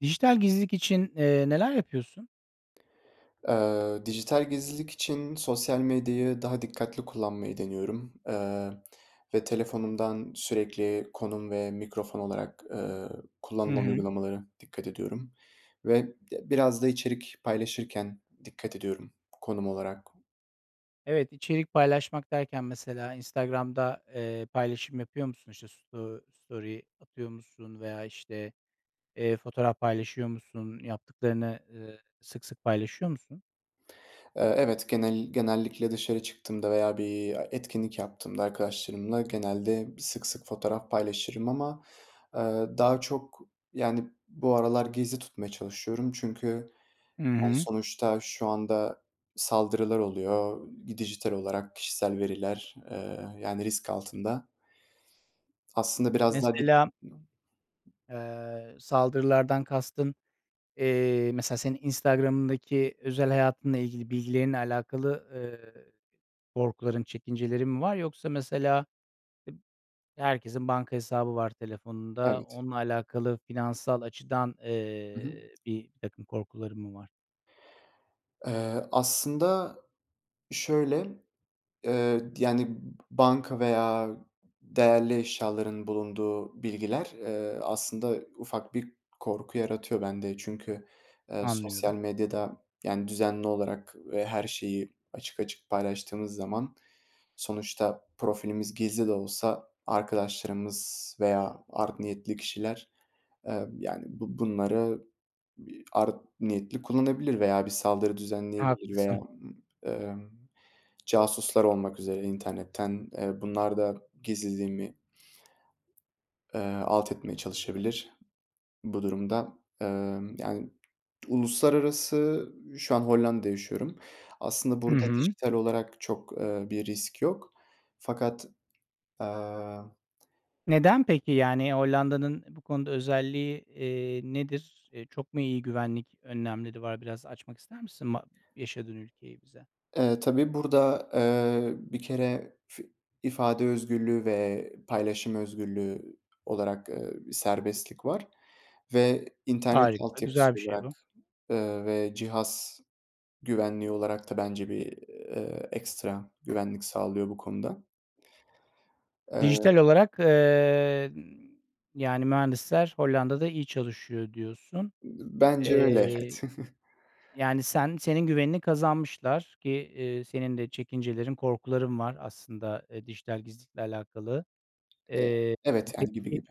Dijital gizlilik için, eee, neler yapıyorsun? Eee, dijital gizlilik için sosyal medyayı daha dikkatli kullanmayı deniyorum, eee, ve telefonumdan sürekli konum ve mikrofon olarak, eee, Hı kullanılan hı. uygulamalara dikkat ediyorum ve d biraz da içerik paylaşırken dikkat ediyorum konum olarak. Evet, içerik paylaşmak derken mesela Instagram'da, eee, paylaşım yapıyor musun? İşte sto story atıyor musun veya işte, eee, fotoğraf paylaşıyor musun? Yaptıklarını, ııı, sık sık paylaşıyor musun? Eee, evet genel genellikle dışarı çıktığımda veya bir a etkinlik yaptığımda arkadaşlarımla genelde sık sık fotoğraf paylaşırım ama, eee, daha çok, yani, bu aralar gizli tutmaya çalışıyorum. Çünkü, Hı yani, hı. sonuçta şu anda saldırılar oluyor. Gi dijital olarak kişisel veriler, eee, yani, risk altında. Aslında biraz daha dik Mesela [unintelligible] aaa, saldırılardan kastın, eee, mesela senin Instagram'ındaki özel hayatınla ilgili bilgilerinle alakalı, eee, korkuların, çekincelerin mi var? Yoksa mesela eb herkesin banka hesabı var telefonunda, Evet. onunla alakalı finansal açıdan, I hı. eee, birtakım korkuların mı var? Eee, aslında şöyle, eee, di yani, banka veya değerli eşyaların bulunduğu bilgiler, eee, aslında ufak bir korku yaratıyor bende. Çünkü, eee, sosyal Anlıyorum. medyada, yani, düzenli olarak ve her şeyi açık açık paylaştığınız zaman, sonuçta profilimiz gizli de olsa arkadaşlarımız veya art niyetli kişiler, emm, yani bu bunları bi art niyetli kullanabilir veya bir saldırı düzenleyebilir. Veya, Haklısın. ımm, emm, casuslar olmak üzere internetten, eee, bunlar da gizliliğimi, eee, alt etmeye çalışabilir. Bu durumda, emm, yani Uluslararası Şu an Hollanda'da yaşıyorum. Aslında Hı burada hı. dijital olarak çok, eee, bir risk yok fakat, aaa Neden peki, yani, Hollanda'nın e bu konuda özelliği, eee, nedir? Eee, çok mu iyi güvenlik önlemleri var? Biraz açmak ister misin ma yaşadığın ülkeyi bize? Eee, tabii burada, eee, bir kere fi ifade özgürlüğü ve paylaşım özgürlüğü olarak, eee, serbestlik var ve internet Harika, güzel altyapısı bir şey olarak, bu. ııı, ve cihaz güvenliği olarak da bence bir, eee, ekstra güvenlik sağlıyor bu konuda. Eee Dijital olarak, eee, ııı, yani, mühendisler Hollanda'da iyi çalışıyor diyorsun. Bence öyle. Eee, Evet. yani, sen senin güvenini kazanmışlar ki, eee, senin de çekincelerin, korkuların var aslında, eee, dijital gizlilikle alakalı. Eee, Eee, evet, yani, gibi peki, gibi.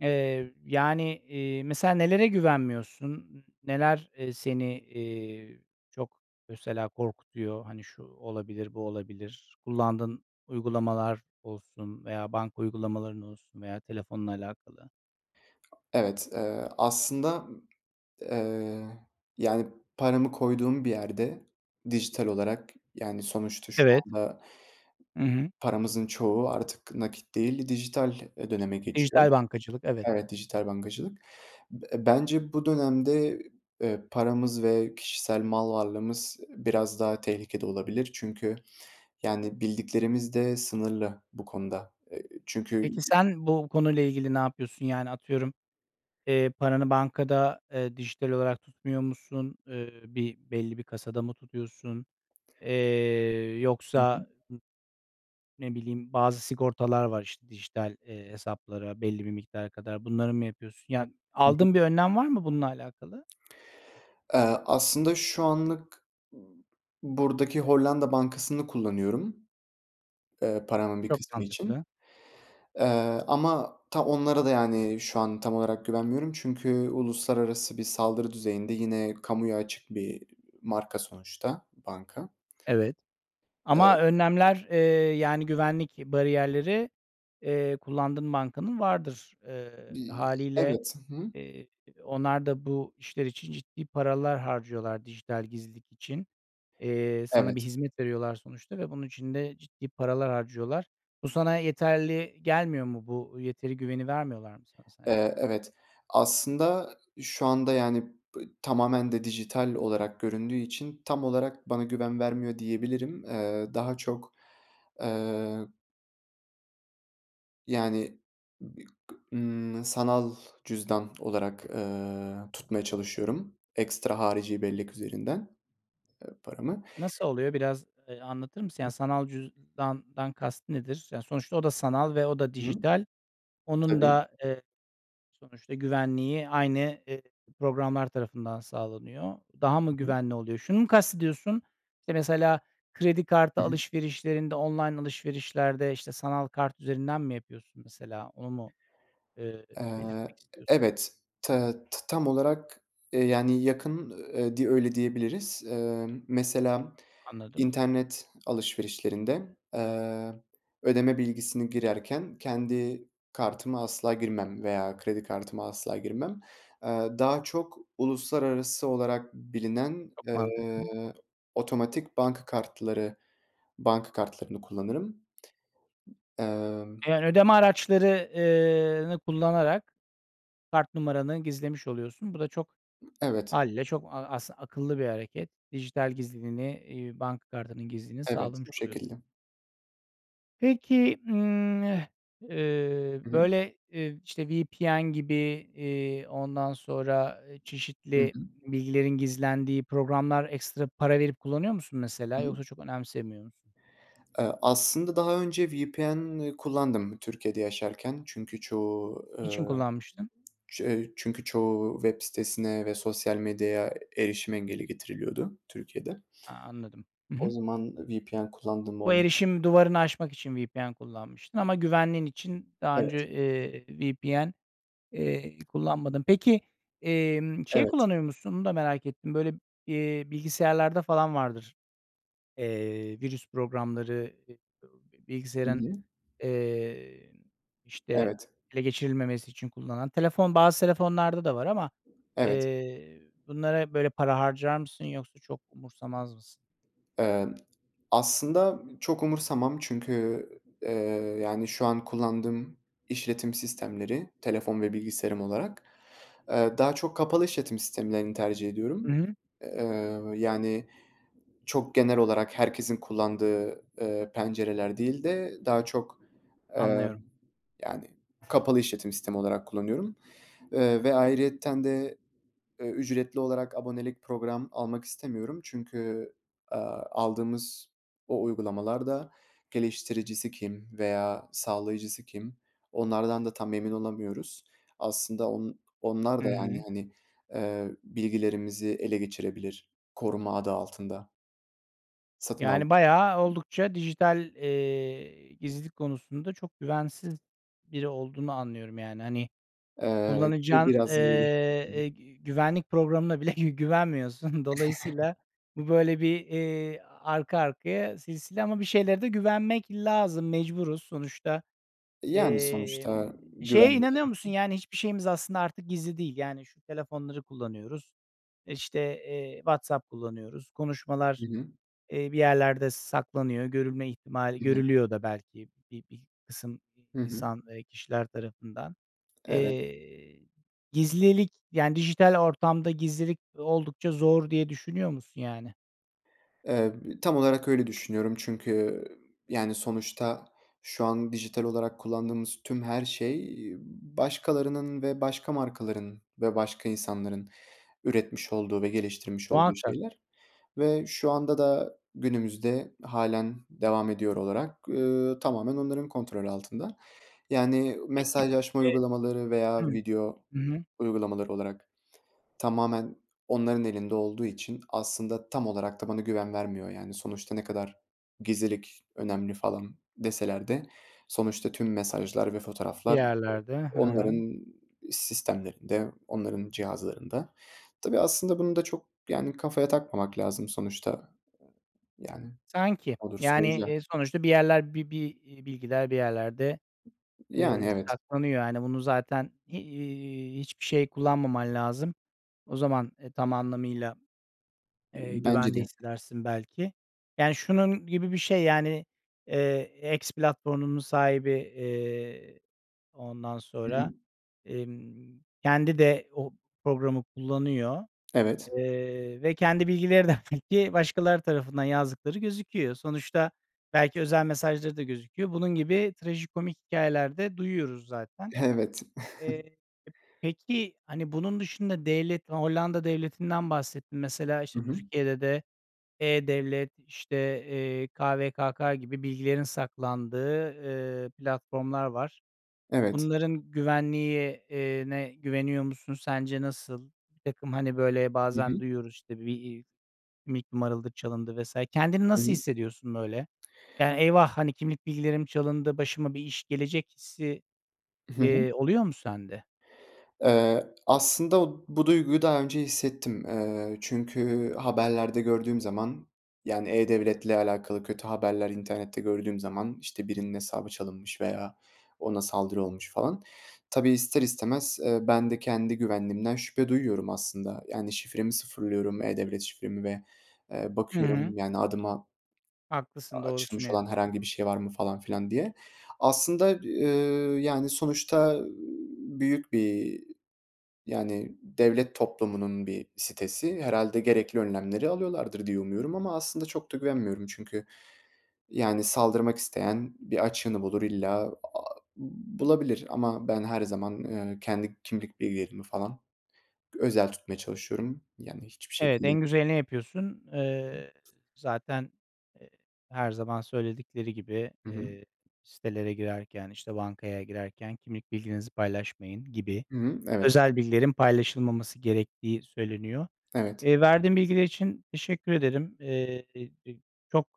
eee, yani, iii, mesela nelere güvenmiyorsun? N neler, eee, seni, eee, çok mesela korkutuyor? Hani, şu olabilir, bu olabilir, kullandığın uygulamalar olsun veya banka uygulamaların olsun veya telefonla alakalı. Evet, eee, aslında, ııı, yani paramı koyduğum bir yerde dijital olarak, yani sonuçta şu Evet. anda Hı hı. paramızın çoğu artık nakit değil, dijital, eee, döneme geçiyor. Dijital bankacılık, evet. Evet, dijital bankacılık. B bence bu dönemde, eee, paramız ve kişisel mal varlığımız biraz daha tehlikede olabilir. Çünkü yani bildiklerimiz de sınırlı bu konuda. Eee, Peki, çünkü sen bu konuyla ilgili ne yapıyorsun? Yani atıyorum, eee, paranı bankada, eee, dijital olarak tutmuyor musun? Eee, bir belli bir kasada mı tutuyorsun? Eee, Hı hı. yoksa n ne bileyim bazı sigortalar var işte dijital, eee, hesaplara belli bir miktara kadar. Bunları mı yapıyorsun? Yani Hı hı. aldığın bir önlem var mı bununla alakalı? Eee, aslında şu anlık buradaki Hollanda bankasını kullanıyorum. Eee, paramın bir Çok kısmı için, mantıklı. eee, ama ta onlara da yani şu an tam olarak güvenmiyorum, çünkü uluslararası bir saldırı düzeyinde yine kamuya açık bir, iii, marka sonuçta banka. Evet. Ama Eee önlemler, eee yani güvenlik bariyerleri, eee, kullandığın bankanın vardır, eee, Bi hâliyle. evet. Hı hı. Eee, onlar da bu işler için ciddi paralar harcıyorlar dijital gizlilik için, eee, sana bir Evet. hizmet veriyorlar sonuçta ve bunun için de ciddi paralar harcıyorlar. Bu sana yeterli gelmiyor mu? Bu yeteri güveni vermiyorlar mı sana sence? Eee, evet, aslında şu anda yani b tamamen de dijital olarak göründüğü için tam olarak bana güven vermiyor diyebilirim. Eee, daha çok, eee Yani bi kı ımm, sanal cüzdan olarak, eee, tutmaya çalışıyorum, ekstra harici bellek üzerinden, eee, paramı. Nasıl oluyor biraz, eee, anlatır mısın? Yani sanal cüzdandan kast nedir? Yani sonuçta o da sanal ve o da Hı. dijital, onun Tabii. da, eee, sonuçta güvenliği aynı, eee, programlar tarafından sağlanıyor. Daha mı Hı hı. güvenli oluyor? Şunu mu kastediyorsun? İşte mesela kredi kartı Hı hı. alışverişlerinde, online alışverişlerde, işte, sanal kart üzerinden mi yapıyorsun mesela onu mu, eee, Eee, belirtmek e istiyorsun? evet. Te t tam olarak, eee, yani yakın, eee, di öyle diyebiliriz. Emm, mesela Anladım. internet alışverişlerinde, eee, ödeme bilgisini girerken kendi kartıma asla girmem veya kredi kartıma asla girmem. Eee, daha çok uluslararası olarak bilinen, Çok eee, mantıklı. otomatik banka kartları, banka kartlarını kullanırım. Emm. Eee, yani ödeme araçları eee, nı kullanarak kart numaranı gizlemiş oluyorsun. Bu da çok Imm, evet. hâliyle çok a aslı akıllı bir hareket. Dijital gizliliğini, iii, banka kartının gizliliğini Evet, sağlamış bu şekilde. oluyorsun. Peki, ımm, e eee, Hı hı. böyle, eee, v işte, VPN gibi, eee, ondan sonra, eee, Hı çeşitli hı. bilgilerin gizlendiği programlar ekstra para verip kullanıyor musun mesela Hı hı. yoksa çok önemsemiyor musun? Eee, aslında daha önce VPN kullandım Türkiye'de yaşarken çünkü çoğu, eee, Niçin kullanmıştın? ç eee, çünkü çoğu web sitesine ve sosyal medyaya, e erişim engeli getiriliyordu Türkiye'de. A, anladım. I O hı. zaman, ııı, VPN kullandığım Bu olmu erişim duvarını aşmak için VPN kullanmıştın ama güvenliğin için daha Evet. önce, eee, VPN, eee, kullanmadın. Peki emm, şey Evet. kullanıyor musun onu da merak ettim, böyle, eee, bilgisayarlarda falan vardır. Eee, virüs programları, Hı bilgisayarın, hı. eee, n işte, Evet. ele geçirilmemesi için kullanılan telefon, bazı telefonlarda da var ama, Evet. eee, ö bunlara, böyle, para harcar mısın yoksa çok umursamaz mısın? Eee, aslında çok umursamam çünkü, eee, yani, şu an kullandığım işletim sistemleri, telefon ve bilgisayarım olarak, eee, daha çok kapalı işletim sistemlerini tercih I ediyorum. hı. Eee, ööö, yani, çok genel olarak herkesin kullandığı, eee, pencereler değil de daha çok, emm, Anlıyorum. yani, kapalı işletim sistemi olarak kullanıyorum. Iıı, ve ayrıyeten de, ööö, ücretli olarak abonelik program almak istemiyorum çünkü, aaa, aldığımız o uygulamalar da geliştiricisi kim veya sağlayıcısı kim, onlardan da tam emin olamıyoruz. Aslında on onlar Hı da, yani, hı. hani, eee, bilgilerimizi ele geçirebilir "koruma" adı altında. Satın aldım. Yani, bayağı oldukça dijital, eee, gizlilik konusunda çok güvensiz biri olduğunu anlıyorum. Yani, hani, Eee, ve kullanacağın, eee, biraz böyle [unintelligible] eee, gü güvenlik programına bile gü güvenmiyorsun. Dolayısıyla bu, böyle, bir, eee, arka arkaya silsile ama bir şeylere de güvenmek lazım, mecburuz sonuçta. Yani, sonuçta Emm, şeye güvenli inanıyor musun? [unintelligible] Yani, hiçbir şeyimiz aslında artık gizli değil, yani, şu telefonları kullanıyoruz, işte, eee, WhatsApp kullanıyoruz, konuşmalar, Hı hı. eee, bir yerlerde saklanıyor. Görülme ihtimali Hı hı. görülüyor da belki bi bir kısım i Hı hı. insan, eee, kişiler tarafından. Evet. Eee, gizlilik, yani, dijital ortamda gizlilik oldukça zor diye düşünüyor musun, yani? Eee, tam olarak öyle düşünüyorum çünkü, yani sonuçta şu an dijital olarak kullandığımız tüm her şey, eee, başkalarının ve başka markaların ve başka insanların üretmiş olduğu ve geliştirmiş olduğu Muhakkak. şeyler ve şu anda da günümüzde hâlen devam ediyor olarak, eee, tamamen onların kontrolü altında. Yani Peki mesajlaşma Evet. uygulamaları veya Hıı. video Hı hı. uygulamaları olarak tamamen onların elinde olduğu için aslında tam olarak da bana güven vermiyor yani. Sonuçta ne kadar gizlilik önemli falan deseler de sonuçta tüm mesajlar ve Bir fotoğraflar yerlerde. Hı o hı. onların sistemlerinde, onların cihazlarında. Tabii aslında bunu da çok yani kafaya takmamak lazım sonuçta. Yani Sanki. olursa Yani, olacak. eee, sonuçta bir yerler bi bir, iii, bilgiler bir yerlerde, Yani, eee, evet. saklanıyor. Hani bunu zaten, iii, hiçbir şey kullanmaman lazım. O zaman, eee, tam anlamıyla, eee, Bence güvende de. hissedersin belki, yani şunun gibi bir şey, yani, eee, X platformunun sahibi, eee, ondan Hı sonra, hı. emm, kendi de o programı kullanıyor, Evet. eee, ve kendi bilgileri de belki başkaları tarafından yazdıkları gözüküyor. Sonuçta belki özel mesajları da gözüküyor. Bunun gibi trajikomik hikâyeler de duyuyoruz zaten. Evet. Eee, peki hani bunun dışında devlet Hollanda devletinden bahsettin. Mesela Hı işte hı. Türkiye'de de e-Devlet işte, eee, KVKK gibi bilgilerin saklandığı, eee, platformlar var. Evet. Bunların güvenliği, eee, ne güveniyor musun sence nasıl? Birtakım hani böyle Hı bazen hı. duyuyoruz işte bir, iii, kimlik numaraları çalındı vs. Kendini Hı nasıl hı. hissediyorsun böyle? Yani eyvah, hani, kimlik bilgilerim çalındı, başıma bir iş gelecek hissi, Hı hı. eee, oluyor mu sende? Eee, aslında o bu duyguyu daha önce hissettim. Eee, çünkü haberlerde gördüğüm zaman, yani e-Devlet'le alakalı kötü haberler internette gördüğüm zaman işte birinin hesabı çalınmış veya ona saldırı olmuş falan. Tabii ister istemez, eee, ben de kendi güvenliğimden şüphe duyuyorum aslında. Yani şifremi sıfırlıyorum, e-Devlet şifremi ve, eee, Hı hı. bakıyorum yani adıma a Haklısın, doğrusunu açılmış olan herhangi yapıyorsun. bir şey var mı falan filan diye. Aslında, eee, yani sonuçta büyük bir, yani devlet toplumunun bir sitesi. Herhâlde gerekli önlemleri alıyorlardır diye umuyorum ama aslında çok da güvenmiyorum. Çünkü yani saldırmak isteyen bir açığını bulur illa, aaa, bulabilir. Ama ben her zaman, eee, kendi kimlik bilgilerimi falan g özel tutmaya çalışıyorum. Yani hiçbir Evet, şekilde en güzelini yapıyorsun. Eee, zaten, eee, her zaman söyledikleri gibi, Hı hı. eee, sitelere girerken, işte, bankaya girerken kimlik bilginizi paylaşmayın gibi Hı hı, evet. özel bilgilerin paylaşılmaması gerektiği söyleniyor. Evet. Eee, verdiğin bilgiler için teşekkür ederim. Eee, çok,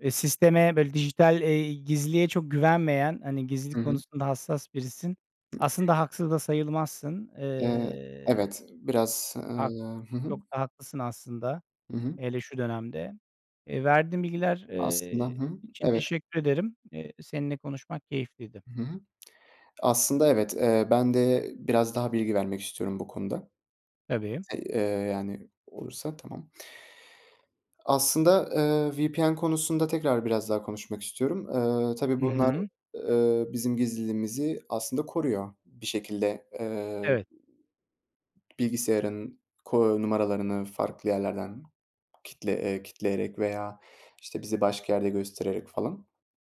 eee, sisteme böyle dijital, eee, gizliliğe çok güvenmeyen, hani Hı gizlilik hı. konusunda hassas birisin. Aslında haksız da sayılmazsın. Eee, Eee. evet. Biraz, Hak ııı, hı hı. çok da haklısın aslında, Hı hı. hele şu dönemde. Eee, verdiğin bilgiler, Aslında, hı eee, hı, için evet. teşekkür ederim. Eee, seninle konuşmak keyifliydi. Hı hı. Aslında evet, eee, ben de biraz daha bilgi vermek istiyorum bu konuda. Tabii. Eee, yani olursa, tamam. Aslında, eee, VPN konusunda tekrar biraz daha konuşmak istiyorum. Eee, tabii Hı bunlar, hı. eee, bizim gizliliğimizi aslında koruyor. Bir şekilde, eee, Evet. bilgisayarın ko numaralarını farklı yerlerden kitle eee, kilitleyerek veya işte bizi başka yerde göstererek falan.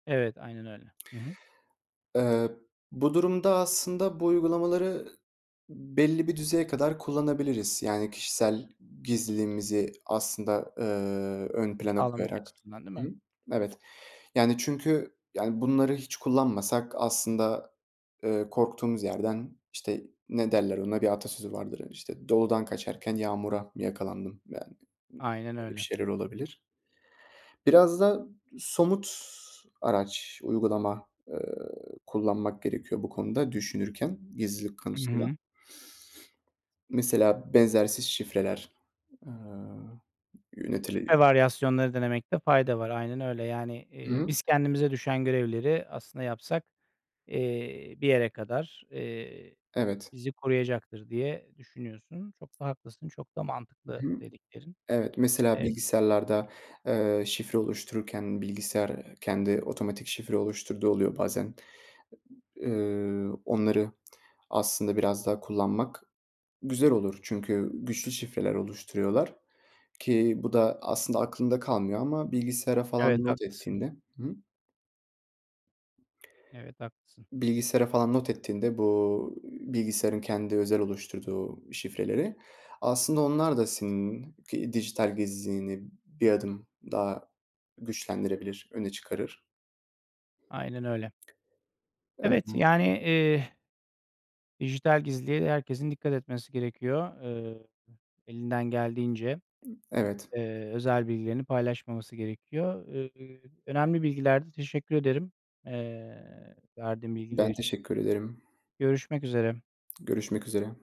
Evet, aynen öyle. Hı hı. Eee, bu durumda, aslında bu uygulamaları belli bir düzeye kadar kullanabiliriz. Yani kişisel gizliliğimizi aslında, eee, ön plana Anlamak koyarak. açısından değil Hı mi? hı, evet. Yani çünkü, yani, bunları hiç kullanmasak aslında, eee, korktuğumuz yerden, işte, ne derler ona, bir atasözü vardır. Hani, işte doludan kaçarken yağmura yakalandım. Yani m Aynen öyle bir öyle. şeyler olabilir. Biraz da somut araç, uygulama, ııı, kullanmak gerekiyor bu konuda düşünürken gizlilik Hı konusunda. hı. Mesela benzersiz şifreler, aaa, Şifre yönetili varyasyonları denemekte fayda var, aynen öyle. Yani, Hı eee, hı. biz kendimize düşen görevleri aslında yapsak, eee, bir yere kadar, eee, Evet. bizi koruyacaktır diye düşünüyorsun. Çok da haklısın, çok da Hı mantıklı hı. dediklerin. Evet, mesela Emm bilgisayarlarda, eee, şifre oluştururken, bilgisayar, eee, kendi otomatik şifre oluşturduğu oluyor bazen. Iıı, onları aslında biraz daha kullanmak güzel olur. Çünkü güçlü şifreler oluşturuyorlar ki bu da aslında aklında kalmıyor ama bilgisayara falan Evet, not haklısın. ettiğinde Hı hı. Evet, haklısın. bilgisayara falan not ettiğinde, bu, ııı, bilgisayarın kendi özel oluşturduğu şifreleri, aslında onlar da senin ki dijital gizliliğini bir adım daha güçlendirebilir, öne çıkarır. Aynen öyle. Evet, yani [unintelligible] eee dijital gizliliğe herkesin dikkat etmesi gerekiyor. Eee, elinden geldiğince, Evet. eee, özel bilgilerini paylaşmaması gerekiyor. Iıı, önemli bilgilerdi. Teşekkür ederim, eee, verdiğin bilgiler Ben için. teşekkür ederim. Görüşmek üzere. Görüşmek üzere.